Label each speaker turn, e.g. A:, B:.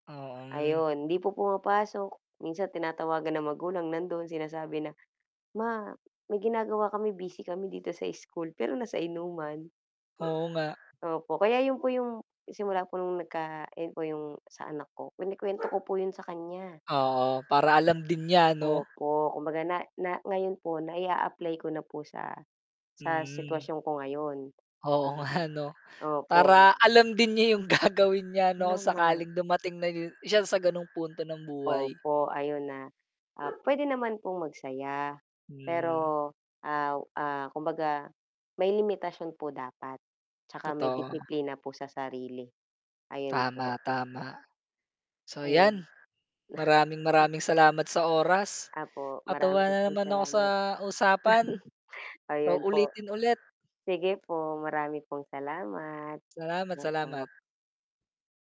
A: Oh, mm.
B: Ayon, hindi po pumapasok, minsan tinatawagan ng magulang nandon sinasabi na, "Ma, may ginagawa kami busy kami dito sa school." Pero nasa inuman.
A: Oo nga.
B: Opo, kaya yun po yung simula po nung nagka ayun po yung sa anak ko, kinekwento ko po yung sa kanya
A: Oo, para
B: na
A: alam din niya 'no.
B: opo, kumbaga na na ngayon po nai-aapply ko na po sa, sa
A: Mm.
B: sitwasyon ko ngayon
A: Oo nga 'no,
B: na opo.
A: para alam din niya yung gagawin niya
B: Yun
A: 'no
B: na nga
A: sakaling dumating na yu siya sa ganong punto ng buhay.
B: Opo, ayun na, ah, pwede naman pong mag saya,
A: Hmm.
B: pero, ah, ah, kumbaga may limitasyon po dapat, tsaka may
A: Totoo.
B: disiplina po sa sarili. Ayun po.
A: Tama, tama. So
B: Ayun.
A: yan,
B: Na
A: maraming maraming salamat sa oras.
B: Opo,
A: Natuwa
B: marami din
A: na
B: pong
A: naman ako sa
B: salamat.
A: usapan. Sa
B: Ayun po,
A: uulitin ulit.
B: sige po marami pong salamat,
A: Salamat, salamat
B: oo.